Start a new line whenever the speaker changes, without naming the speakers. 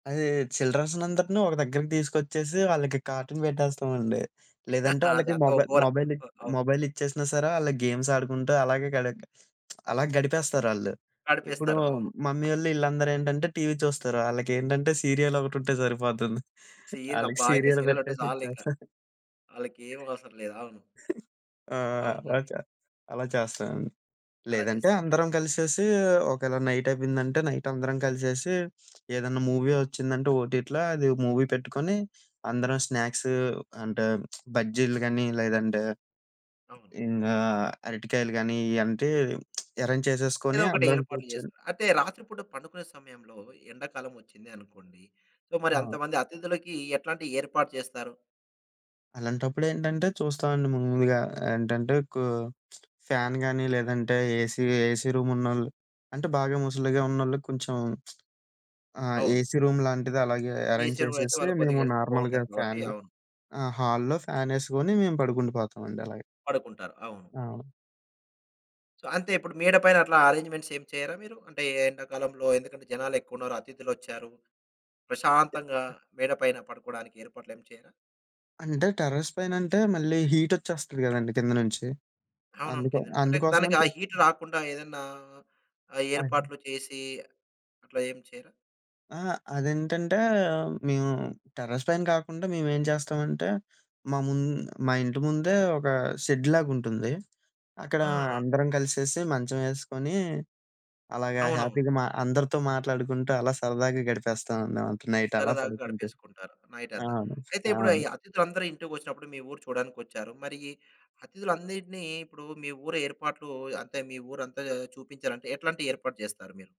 అది చిల్డ్రన్స్‌నందరిని ఒక దగ్గరకి తీసుకొచ్చేసి వాళ్ళకి కార్టూన్ పెట్టేస్తామండి. లేదంటే వాళ్ళకి
అదంతా ఓ
మొబై
గోల
మొబైల్,
ఓహ్! అవును.
మొబైల్ ఇచ్చేసినా సరే వాళ్ళకి గేమ్స్ ఆడుకుంటూ అలాగే గడ అలా గడిపేస్తారళ్ళు. ఇప్పుడు
నడిపేస్తారు. అవును.
మమ్మీవోళ్ళు వీళ్ళందరూ ఏంటంటే, టీవీ చూస్తారు. వాళ్ళకేంటంటే సీరియల్ ఒకటి ఉంటే సరిపోతుంది.
సీరియల్
వాళ్ళకి
అబ్బా! ఇంక
సీరియల్
సీరియ‌లోటే
పెట్టేసి
చాలింకా.
ఇచ్చేస్తా.
వాళ్ళకేం అవసరం లేదు. అవును.
ఆ!
అవునండి.
అలా‌చా అలా చేస్తాను.
అలా
లేదంటే
చేస్తారు.
అందరం కలిసేసి ఒకవేళ నైట్ అయిపోయిందంటే, నైట్ అందరం కలిసేసి ఏదన్నా మూవీ వచ్చిందంటే ఒటిట్లా అది మూవీ పెట్టుకొని అందరం స్నాక్సు అంటే బజ్జీలు కాని, లేదంటే
అవును.
ఇంకా అరటికాయలు గాని, ఇయంటే ఎరేంజ్
ఏదో
చేసేసుకొని
ఒకటి
అందరం
ఏర్పాట్లు
కూర్చొని
చేస్తారు. అంటే రాత్రి పూట పండుకునే సమయంలో ఎండాకాలం వచ్చింది అనుకోండి. సో, మరి అంత
అవును.
మంది అతిథులకి ఎట్లాంటి ఏర్పాటు చేస్తారు?
అలాంటప్పుడు ఏంటంటే చూస్తామండి మమ్ములుగా ఏంటంటే కు ఫ్యాన్ కానీ, లేదంటే ఏసీ, ఏసీ రూమున్నోళ్ళు, అంటే బాగా ముసలిగా ఉన్నోళ్ళు కొంచెం ఆ
అవును.
ఏసీ రూమ్ లాంటిది అలాగే
ఈ
ఏరేంజ్
చెరువులయితే
చేసేసి
వాళ్ళకొద్దిగా
మేము
హెల్త్
నార్మల్‌‌గా
బావుంటది కాబట్టి
ఫ్యానె,
అవును.
ఆ! హాల్లో ఫ్యాన్ ఎసుకొని మేము పడుకుండి పోతామండి అలా‌గా.
పడుకుంటారు. అవును.
అవును.
అంతే ఇప్పుడు మేడ పైన అట్లా అరేంజ్మెంట్స్ ఏమి చేయరా మీరు? అంటే ఎండాకాలంలో ఎందుకంటే, జనాలేక్కువున్నారు. అతిథులోచ్చారు. ప్రశాంతంగా మేడ పైన పడుకోవడానికి ఏర్పాట్లు ఏమి చేయరా?
అంటే టెర్రస్ పైనంటే మళ్ళీ హీట్ వచ్చేస్తది కదండీ కింద నుంచి?
అవునవును.
అందు‌కే,
కిందనంటే అంటే ఇంక దానికి
అందుకోసమని‌
ఆ
చెప్పి
హీట్ రాకుండా ఏదన్నా
[unintelligible]
ఏర్పాట్లు చేసి అట్లా ఏం చేయరా?
ఆ! అదేంటంటే మేము టెర్రస్‌ పైన కాకుండా మే‌మేం చేస్తామంటే, మా ముం మా ఇంటి ముందే ఒక షెడ్‌లాగా ఉంటుంది. అక్కడ
ఆ! ఆ!
అందరం కలిసేసి మంచం ఎసుకొని అలాగా
అవునవును.
హ్యాపీగా మా అందరితో మాట్లాడుకుంటూ, అలా సరదాగా గడిపేస్తాం న నైట్ అలా
సరదాగా
పడుకుం‌టూ.
గడిపేసుకుంటారు నైటంతా.
అవును.
అయితే ఇప్పు‌డు ఈ
అవును.
అతిథులందరూ ఇంటికొచ్చినప్పుడు మీ ఊరు చూడడానికి వచ్చారు. మరి అతిథులన్నిటిని ఇప్పుడు మీ ఊరు ఏర్పాట్లు అంటే మీ ఊరంతా చూపించాలంటే ఎట్లాంటి ఏర్పాట్లు చేస్తారు మీరు?